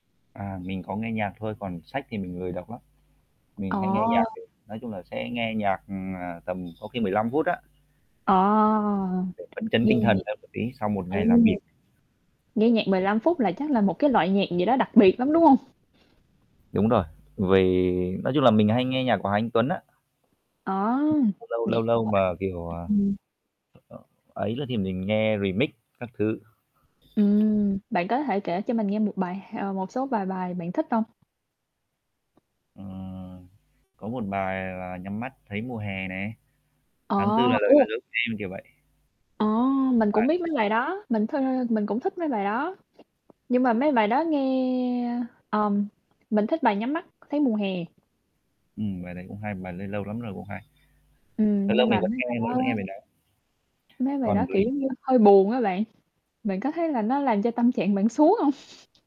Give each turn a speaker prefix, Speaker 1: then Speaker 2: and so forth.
Speaker 1: À, mình có nghe nhạc thôi còn sách thì mình lười đọc lắm,
Speaker 2: Ờ.
Speaker 1: mình hay nghe nhạc từ nói chung là, sẽ nghe nhạc, ừm, ờ, tầm có khi 15 phút á.
Speaker 2: Ờ.
Speaker 1: Để phấn chấn
Speaker 2: Nghe
Speaker 1: tinh thần
Speaker 2: nhạc.
Speaker 1: hơn một tí sau một
Speaker 2: Ồ,
Speaker 1: ngày làm việc.
Speaker 2: nghe nhạc 15 phút là chắc là một cái loại nhạc gì đó đặc biệt lắm, đúng hông?
Speaker 1: ĐÚng rồi, vì nói chung là, mình hay nghe nhạc của Hà Anh Tuấn á.
Speaker 2: À,
Speaker 1: Lâu lâu lâu
Speaker 2: nhạc
Speaker 1: lâu
Speaker 2: của anh
Speaker 1: mà, kiểu, ờ,
Speaker 2: ừm.
Speaker 1: [unintelligible] ấy nữa thì mình nghe Remix các thứ.
Speaker 2: Ừm, bạn có thể kể cho mình nghe một bài h ờ, một số vài bài bạn thích hông?
Speaker 1: Ừm, có một bài là "Nhắm Mắt Thấy Mùa Hè" nè,
Speaker 2: Ờ,
Speaker 1: "Tháng Tư Là Lời Nói
Speaker 2: ô.
Speaker 1: Dối Của Em," kiểu vậy.
Speaker 2: Ờ, mình cũng
Speaker 1: [unintelligible]
Speaker 2: biết mấy bài đó, mình th mình cũng thích mấy bài đó, nhưng mà mấy bài đó nghe ờm, mình thích bài "Nhắm Mắt Thấy Mùa Hè."
Speaker 1: Ừm, bài đấy cũng hay, bài đấy lâu lắm rồi cũng hay. Lâu
Speaker 2: Ừm,
Speaker 1: lâu
Speaker 2: nhưng
Speaker 1: mình
Speaker 2: mà
Speaker 1: vẫn
Speaker 2: mấy
Speaker 1: nghe,
Speaker 2: bài
Speaker 1: vẫn vẫn
Speaker 2: đó
Speaker 1: nghe bài đó.
Speaker 2: mấy bài đó,
Speaker 1: Còn
Speaker 2: kiểu,
Speaker 1: với
Speaker 2: giống như hơi buồn á bạn, bạn có thấy là nó làm cho tâm trạng bạn xuống hông?